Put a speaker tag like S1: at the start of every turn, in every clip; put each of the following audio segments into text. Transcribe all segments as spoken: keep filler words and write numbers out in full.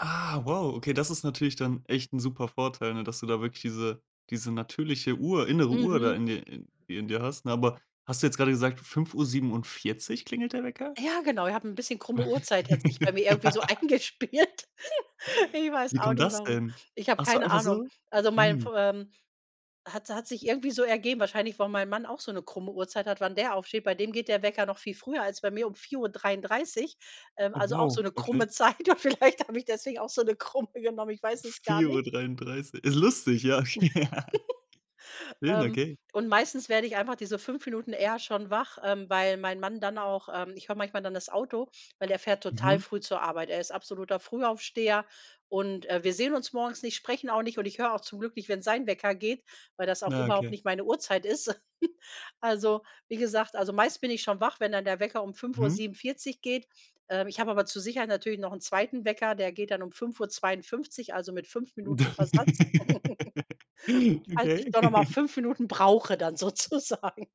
S1: Ah, wow, okay, das ist natürlich dann echt 'n super Vorteil, ne, dass du da wirklich diese diese natürliche Uhr innere Uhr da
S2: Mhm.
S1: in dir in dir hast, ne? Aber, hast du jetzt grade gesagt, fünf Uhr siebenundvierzig klingelt der Wecker?
S2: Ja genau, ich habe ’n bisschen krumme Uhrzeit, hat sich bei mir irgendwie so eingespielt. Ich weiß
S1: Wie
S2: auch
S1: kommt
S2: nicht,
S1: das
S2: warum.
S1: denn?
S2: Ich habe
S1: Ach so,
S2: keine
S1: einfach
S2: Ahnung.
S1: so?
S2: Also, mein F
S1: Mhm.
S2: ähm, hat hat sich irgendwie so ergeben wahrscheinlich, weil mein Mann auch so 'ne krumme Uhrzeit hat, wann der aufsteht. Bei dem geht der Wecker noch viel früher als bei mir, um vier Uhr dreiundreißig, ähm,
S1: Oh,
S2: also, auch so'
S1: wow,
S2: ne
S1: okay.
S2: krumme Zeit und vielleicht habe ich deswegen auch so 'ne krumme genommen, ich weiß es gar
S1: vier Uhr
S2: nicht.
S1: dreiunddreißig. Ist lustig, ja. Schön,
S2: Ähm,
S1: okay.
S2: und meistens werde ich einfach diese fünf Minuten eher schon wach, ähm, weil mein Mann dann auch ähm, ich höre manchmal dann das Auto, weil der fährt total
S1: Mhm.
S2: früh zur Arbeit. Er ist absoluter Frühaufsteher und, äh, wir sehen uns morgens nicht, sprechen auch nicht und ich höre auch zum Glück nicht, wenn sein Wecker geht, weil das auch
S1: Na,
S2: überhaupt
S1: okay.
S2: nicht meine Uhrzeit ist. Also, wie gesagt, also, meist bin ich schon wach, wenn dann der Wecker um fünf Uhr
S1: Mhm.
S2: siebenundvierzig geht. Ähm, ich habe aber zur Sicherheit natürlich noch 'n zweiten Wecker, der geht dann um fünf Uhr zweiundfünfzig Uhr, also mit fünf Minuten Versatz falls ich
S1: Okay.
S2: doch noch mal fünf Minuten brauche dann, sozusagen.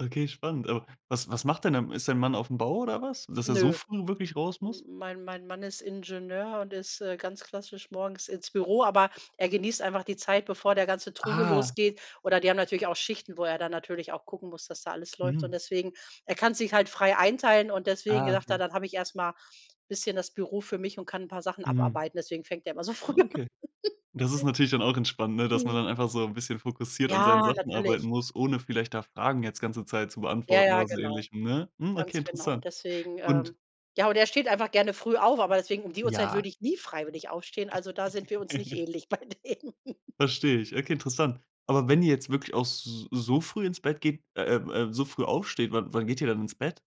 S1: Okay, spannend. Aber was was macht denn dein Ma ist dein Mann auf’m Bau oder was? Dass er so
S2: Nö.
S1: früh wirklich raus muss?
S2: Hm, mein mein Mann ist Ingenieur und ist, äh, ganz klassisch morgens ins Büro, aber er genießt einfach die Zeit, bevor der ganze Trubel
S1: Ah.
S2: losgeht. Oder die haben natürlich auch Schichten, wo er dann natürlich auch gucken muss, dass da alles läuft. Und
S1: Mhm.
S2: deswegen er kann's sich halt frei einteilen und deswegen
S1: Ah,
S2: sagt er:
S1: okay.
S2: „Dann habe ich erst mal bisschen das Büro für mich und kann 'n paar Sachen
S1: Mhm.
S2: abarbeiten.“ Deswegen fängt er immer so
S1: Ah,
S2: früh an.
S1: okay. Das ist natürlich dann auch entspannt, ne, dass man
S2: Mhm.
S1: dann einfach so 'n bisschen fokussiert an seinen
S2: Ja,
S1: Sachen arbeiten
S2: natürlich.
S1: muss, ohne vielleicht da Fragen jetzt ganze Zeit zu
S2: Ja,
S1: beantworten
S2: ja,
S1: oder so
S2: genau.
S1: ähnlich, hm, ne? Mhm, okay,
S2: Ganz genau.
S1: interessant.
S2: Deswegen,
S1: Und
S2: ähm ja, und er steht einfach gerne früh auf, aber deswegen, um die Uhrzeit
S1: Ja.
S2: würde ich nie freiwillig aufstehen. Also, da sind wir uns nicht ähnlich bei dem.
S1: Verstehe ich. Okay, interessant. Aber wenn ihr jetzt wirklich auch s so früh ins Bett geht äh, ähm, äh, so früh aufsteht, wann wann geht ihr dann ins Bett?